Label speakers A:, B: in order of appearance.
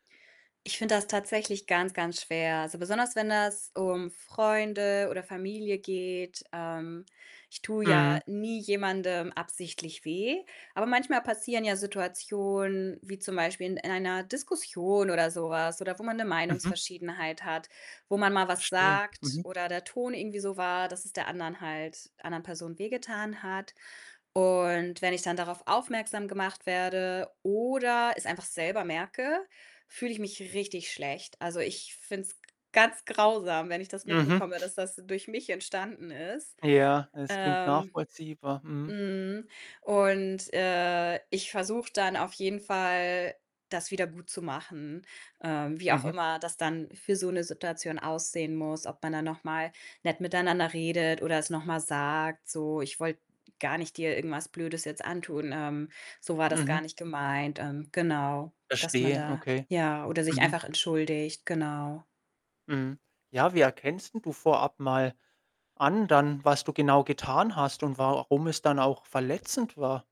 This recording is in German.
A: Ich finde das tatsächlich ganz, ganz schwer. Also, besonders, wenn das um Freunde oder Familie geht. Ähm, ich tue ja
B: Mhm.
A: nie jemandem absichtlich weh, aber manchmal passieren ja Situationen, wie zum Beispiel in in einer Diskussion oder so was oder wo man 'ne
B: Mhm.
A: Meinungsverschiedenheit hat, wo man mal was
B: Verstehe,
A: sagt
B: mhm.
A: oder der Ton irgendwie so war, dass es der anderen halt anderen Person wehgetan hat und wenn ich dann darauf aufmerksam gemacht werde oder es einfach selber merke, fühle ich mich richtig schlecht. Also, ich finde es g ganz grausam, wenn ich das
B: Mhm.
A: mitbekomme, dass das durch mich entstanden ist.
B: Ja, es klingt
A: Ähm
B: nachvollziehbar. Mhm.
A: mhm. Und, äh, ich versuche dann auf jeden Fall, das wiedergutzumachen. Ähm, wie auch
B: Mhm.
A: immer das dann für so 'ne Situation aussehen muss. Ob man dann noch mal nett miteinander redet oder es noch mal sagt, so: „Ich wollte gar nicht dir irgendwas Blödes jetzt antun. Ähm, so war das gar
B: Mhm.
A: nicht gemeint.“ Ähm, genau, dass man
B: Verstehe,
A: da
B: okay.
A: ja oder sich
B: Mhm.
A: einfach entschuldigt, genau.
B: Mhm. Ja, wie erkennst denn du vorab mal an dann, was du genau getan hast und warum es dann auch verletzend war?